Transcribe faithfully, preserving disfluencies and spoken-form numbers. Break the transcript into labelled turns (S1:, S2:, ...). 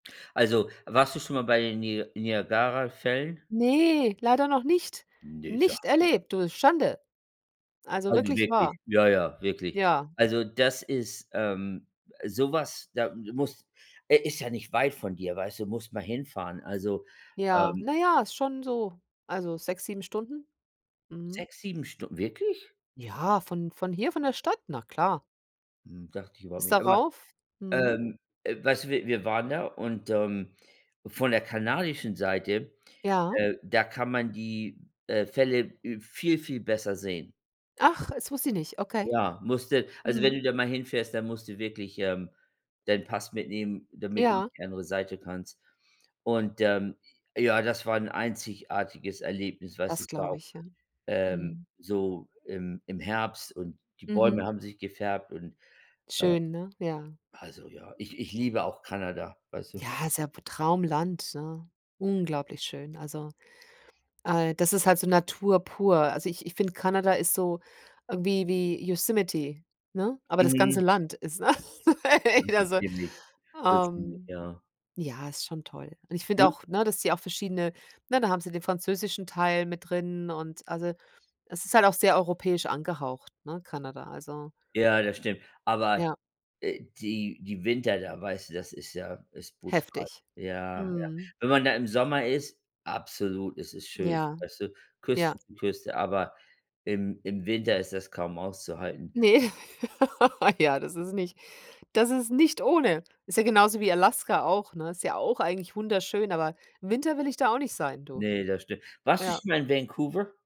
S1: Also warst du schon mal bei den Ni Niagarafällen?
S2: Ne, leider noch nicht.
S1: Ne, sag
S2: Nicht
S1: blo
S2: erlebt, du. Schande. Also
S1: Also
S2: wirklich
S1: wirklich,
S2: wahr.
S1: ja, ja, wirklich.
S2: Ja.
S1: Also das ist, ähm so was, da muss äh, ist ja nicht weit von dir, weißt du? Musst mal hinfahren. Also,
S2: Ja,
S1: ähm
S2: na ja, ist schon so also sechs, sieben Stunden. Mhm.
S1: sechs, sieben Stund wirklich?
S2: Ja, von von hier, von der Stadt, na klar.
S1: Hm. Dachte ich überhaupt
S2: Bis
S1: nicht aber
S2: darauf, mhm.
S1: ähm, äh, weißt du, wir wir waren da und, ähm, von der kanadischen Seite,
S2: Ja.
S1: äh, da kann man die, äh, Fälle, äh, viel viel besser sehen.
S2: Ach, das wusste ich nicht, okay.
S1: Ja, musst du also wenn du
S2: Mhm.
S1: da mal hinfährst, dann musst du wirklich, ähm, deinen Pass mitnehmen, damit du auf
S2: Ja.
S1: die andere Seite kannst. Und, ähm, ja, das war 'n einzigartiges Erlebnis, was
S2: Das
S1: ich da
S2: glaube
S1: auch,
S2: ich. Ja.
S1: ähm
S2: Mhm.
S1: so im im Herbst und die Bäume
S2: Mhm.
S1: haben sich gefärbt und, äh
S2: Schön, ne? Ja.
S1: also ja. Ich ich liebe auch Kanada, weißt du?
S2: Ja, ist ja p Traumland, ne? Unglaublich schön. Also, äh, das ist halt so Natur pur. Also ich ich finde, Kanada ist so, ähm, wie wie Yosemite, ne? Aber das ganze
S1: Mhm.
S2: Land ist, ne?
S1: Mhm.
S2: [unintelligible] Also,
S1: Ziemlich. Das mhm,
S2: ähm,
S1: ja.
S2: ja, ist schon toll. Und ich finde
S1: [unintelligible]
S2: auch, ne, dass die auch verschiedene ne, da haben sie den französischen Teil mit drin und also es ist halt auch sehr europäisch angehaucht, ne, Kanada. Also
S1: Ja, das stimmt. Aber,
S2: Ja.
S1: äh, die die Winter da, weißt du, das ist ja ist brutal.
S2: Heftig.
S1: Ja, ja.
S2: Mhm.
S1: Wenn man da im Sommer ist, absolut ist es schön,
S2: Ja,
S1: weißt du?
S2: ja.
S1: Küste zu Küste, aber im im Winter ist das kaum auszuhalten.
S2: Ne, ja, das ist nicht das ist nicht ohne. Ist ja genauso wie Alaska auch, ne? Ist ja auch eigentlich wunderschön, aber Winter will ich da auch nicht sein, du.
S1: Ne, das stimmt. Warst du
S2: Ja.
S1: schon mal in Vancouver?